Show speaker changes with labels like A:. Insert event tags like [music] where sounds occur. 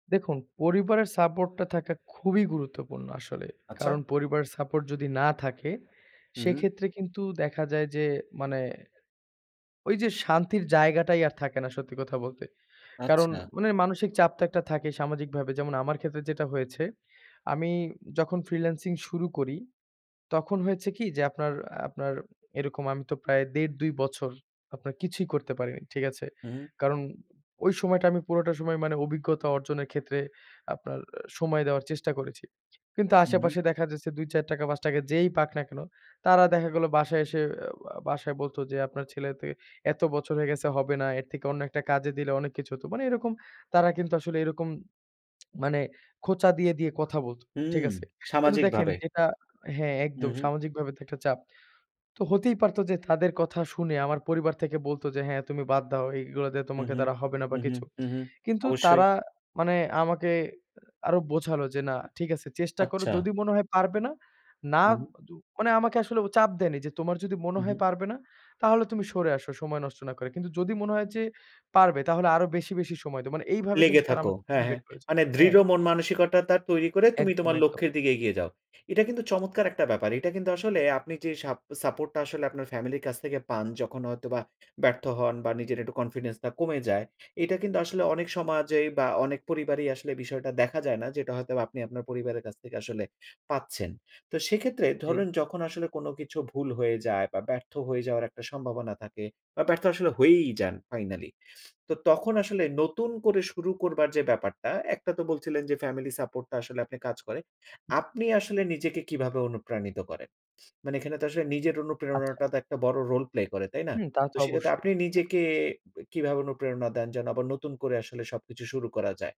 A: দেখুন পরিবারের সাপোর্ট টা থাকা খুবই গুরুত্বপূর্ণ আসলে।
B: আচ্ছা।
A: কারণ পরিবার সাপোর্ট যদি না থাকে,
B: হুম।
A: সেক্ষেত্রে কিন্তু দেখা যায় যে মানে ওই যে শান্তির জায়গাটাই আর থাকে না সত্যি কথা বলতে। কারণ
B: আচ্ছা।
A: মানে মানসিক চাপ তো একটা থাকেই সামাজিকভাবে। যেমন আমার ক্ষেত্রে যেটা হয়েছে, আমি যখন ফ্রিল্যান্সিং শুরু করি, তখন হয়েছে কি? যে আপনার আপনার এরকম আমি তো প্রায় ১.৫-২ বছর আপনার কিছুই করতে পারিনি, ঠিক আছে?
B: হুম।
A: কারণ ওই সময়টা আমি পুরোটা সময় মানে অভিজ্ঞতা অর্জনের ক্ষেত্রে আপনার অ্যা সময় দেওয়ার চেষ্টা করেছি। কিন্তু
B: উ হু।
A: আশেপাশে দেখা যাচ্ছে ৳২-৳৪, ৳৫ যেই পাক না কেন, তারা দেখা গেলো বাসায় এসে অ্যা ও বাসায় বলত যে "আপনার ছেলে ত এত বছর হয়ে গেছে হবে না, এর থেকে অন্য একটা কাজে দিলে অনেক কিছু হত।" মানে এরকম তারা কিন্তু আসলে এরকম [smacks lips] মানে খোঁচা দিয়ে, দিয়ে কথা বলত, ঠিক
B: হুম
A: আছে? কিন্তু দেখেন
B: সামাজিকভাবে।
A: যেটা হ্যাঁ একদম
B: হুম, হুম।
A: সামাজিকভাবে তো একটা চাপ। তো হতেই পারত যে তাদের কথা শুনে আমার পরিবার থেকে বলতো যে "হ্যাঁ তুমি বাদ দাও। এইগুলো দিয়ে
B: হুম,
A: তোমাকে
B: হুম,
A: তারা হবে না বা
B: হুম, হুম,
A: কিছু।"
B: হুম, হুম
A: কিন্তু
B: অবশ্যই।
A: তারা মানে আমাকে আরো বোঝালো যে "না, ঠিক আছে চেষ্টা করো
B: আচ্ছা।
A: যদি মনে হয় পারবে না। না"
B: হুম।
A: দু মানে আমাকে আসলে চাপ দেয়নি যে "তোমার যদি মনে
B: হুম,
A: হয়
B: হুম।
A: পারবে না, তাহলে তুমি সরে আসো সময় নষ্ট না করে। কিন্তু যদি মনে হয় যে পারবে, তাহলে আরো বেশি, বেশি সময় দেও।" মানে এইভাবে
B: লেগে
A: কিন্তু তারা
B: থাকো।
A: আমাকে
B: হ্যাঁ, হ্যাঁ।
A: মোটিভেট করেছে।
B: মানে দৃঢ়
A: হ্যাঁ।
B: মন মানসিকতাটা তৈরি করে তুমি
A: একদম,
B: তোমার
A: একদম।
B: লক্ষ্যের দিকে এগিয়ে যাও। এটা কিন্তু চমৎকার একটা ব্যাপার। এটা কিন্তু আসলে আপনি যে সাপ সাপোর্ট টা আসলে আপনার ফ্যামিলির কাছ থেকে পান, যখন হয়তো বা ব্যর্থ হন বা নিজের একটু কনফিডেন্স টা কমে যায়। এইটা কিন্তু আসলে অনেক সমাজেই বা অনেক পরিবারেই আসলে বিষয়টা দেখা যায় না, যেটা হয়তো আপনি আপনার পরিবারের কাছ থেকে আসলে পাচ্ছেন। তো সেক্ষেত্রে
A: জ্বী।
B: ধরুন যখন আসলে কোন কিছু ভুল হয়ে যায় বা ব্যর্থ হয়ে যাওয়ার একটা সম্ভাবনা থাকে বা ব্যর্থ আসলে হয়েই যান ফাইনালি। তো তখন আসলে নতুন করে শুরু করবার যে ব্যাপারটা, একটা তো বলছিলেন যে ফ্যামিলি সাপোর্ট টা আসলে আপনি কাজ করে। আপনি আসলে নিজেকে কীভাবে অনুপ্রাণিত করেন? মানে এখানে তো আসলে নিজের
A: আচ্ছা।
B: অনুপ্রেরণাটা তো একটা বড় রোল প্লে করে তাই না?
A: হুম তা তো
B: তো সেটাতে
A: অবশ্যই।
B: আপনি
A: দেখু
B: নিজেকে কিভাবে অনুপ্রেরণা দেন যেন আবার নতুন করে আসলে সবকিছু শুরু করা যায়?